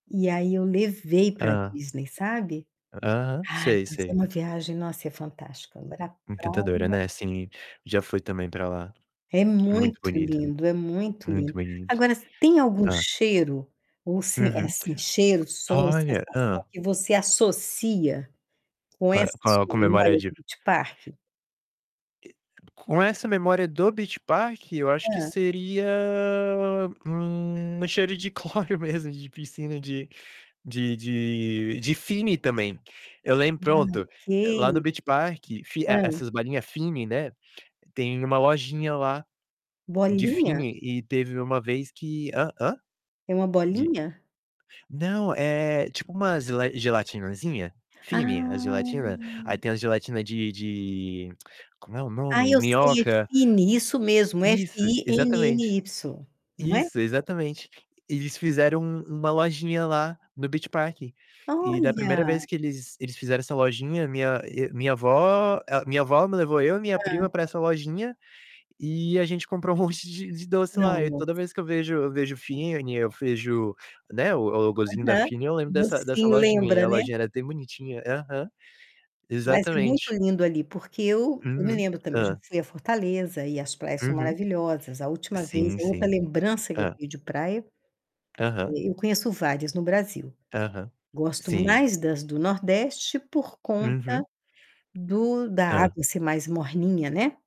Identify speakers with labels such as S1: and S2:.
S1: E aí eu levei para
S2: Hã.
S1: Disney, sabe.
S2: Aham.
S1: Ai,
S2: Sei,
S1: mas é
S2: sei.
S1: uma viagem, nossa, é fantástica. Mara
S2: Encantadora,
S1: [unintelligible]
S2: né, sim. Já fui também para lá.
S1: É
S2: Muito
S1: muito
S2: bonito,
S1: lindo, é muito
S2: muito
S1: lindo.
S2: bonito.
S1: Agora, tem algum
S2: Hã.
S1: cheiro? Ou sim, eh,
S2: Uhum.
S1: cheiro, som,
S2: Olha.
S1: sensação
S2: Hã.
S1: que você associa com
S2: Pa
S1: essa
S2: Qual
S1: sua
S2: com a memória
S1: memória
S2: de
S1: do Beach Park?
S2: E com essa memória do Beach Park eu acho que
S1: Hã.
S2: seria, hum, cheiro de cloro mesmo de piscina, de de de de Fini também. Eu lembro
S1: [unintelligible]
S2: pronto, lá no
S1: Ok.
S2: Beach Park, Fi
S1: Hã.
S2: essas balinha Fini, né, tem uma lojinha lá de
S1: Bolinha?
S2: Fini. E teve uma vez que hã. Hã?
S1: É uma
S2: De
S1: bolinha?
S2: não, é tipo umas le gelatinãzinha. Fine, a gelatina. Aí
S1: Ah.
S2: tem as gelatina de de como é o
S1: Ai,
S2: nome?
S1: eu sei é
S2: Minhoca.
S1: Fini, isso mesmo,
S2: Isso, exatamente.
S1: F-I-N-N-Y, não é?
S2: Isso, exatamente. Eles fizeram um uma lojinha lá no Beach Park, e da primeira
S1: Olha.
S2: vez que eles eles fizeram essa lojinha, minha e minha vó a minha vó me levou eu e minha
S1: Hã.
S2: prima para essa lojinha, e a gente comprou um monte de de doce lá. E
S1: Nossa.
S2: toda vez que eu vejo eu vejo
S1: [unintelligible]
S2: Fini, eu vejo, né, o o logozinho da
S1: Aham.
S2: Fini, eu lembro dessa
S1: Você
S2: dessa lojinha e
S1: lembra,
S2: a
S1: né.
S2: lojinha era até bonitinha. Aham.
S1: Mas é muito
S2: Exatamente.
S1: lindo ali. Porque eu eu me
S2: Uhum.
S1: lembro também, já
S2: Hã.
S1: fui a Fortaleza e as praias são
S2: Uhum.
S1: maravilhosas. A última vez
S2: Sim,
S1: a outra
S2: sim.
S1: lembrança que eu
S2: Hã.
S1: vi de praia,
S2: Aham.
S1: e eu conheço várias no Brasil.
S2: Aham.
S1: Gosto
S2: Sim.
S1: mais das do Nordeste por conta
S2: Uhum.
S1: do da
S2: Hã.
S1: água ser mais morninha, né.